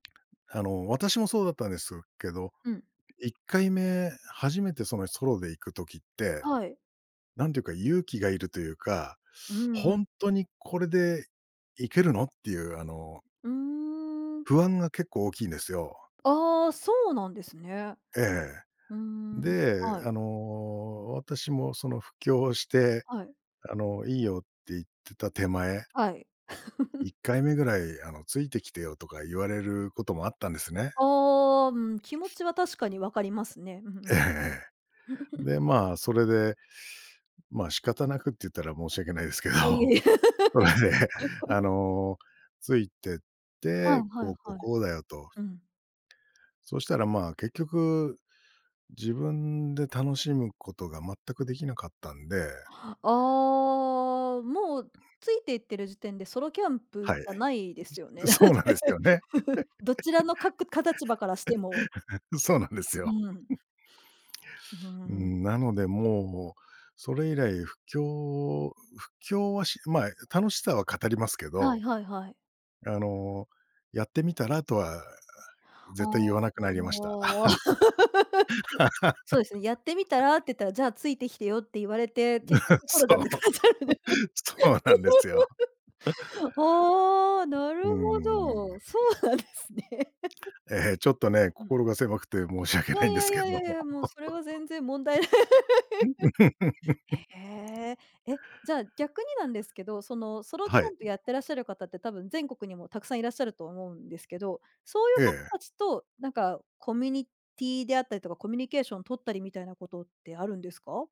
あの、私もそうだったんですけど、うん。1回目、初めてそのソロで行く時って、はい。なんていうか、勇気がいるというか、うんうほん。んとにこれでいけるのっていうあのうーん。不安が結構大きいんですよ。ああ、そうなんですね。ええ。ふーん、で、はい。あの、私もその布教して、はい。あのいいよって言ってた手前はい。「い っかいめぐらい、あのついてきてよ」とか言われることもあったんですね。ああ、うん、気持ちは確かに分かりますね。うんうええん。ええ。で、まあ、それで、まあ、仕方なくって言ったら申し訳ないですけあ、いど、え。それで あの、ついてっあ、て、はいこう、こう、はい。こうだよと。うん。そしたらまあ、結局自分で楽しむことが全く出来なかったんでああ。もう、ついて行ってる時点でソロキャンプじはい。ゃないですよね？じそうなんですよね。どちらのかくか立場からしても。そうなんですよ。うん。うーうん。ん、なのでもう、それ以来布教布教はしまあ、え、楽しさは語りますけはいど。はいはい。あの、やってみたらとはあ絶対あ。言わなくなりました。そうですね、やってみたらって言ったら、じゃあついてきてよって言われて、結局 ソそロじゃう。なくなったんです。そうなんですよ。ああ、なるうーほん。ど。そうなんですね。ええ、ちょっと ね、うん。心が狭くて申し訳いないんでやすいけやいやど。いやいや、もうそれは全然問題ない。へえ。え、じゃあ逆になんですけど、そのソロキはャい。ンプやってらっしゃる方って、多分全国にもたくさんいらっしゃると思うんですけど、そういえう方え。たちとなんかコミュニティーであったりとか、コミュニケーション取ったりみたいなことってあるんですか？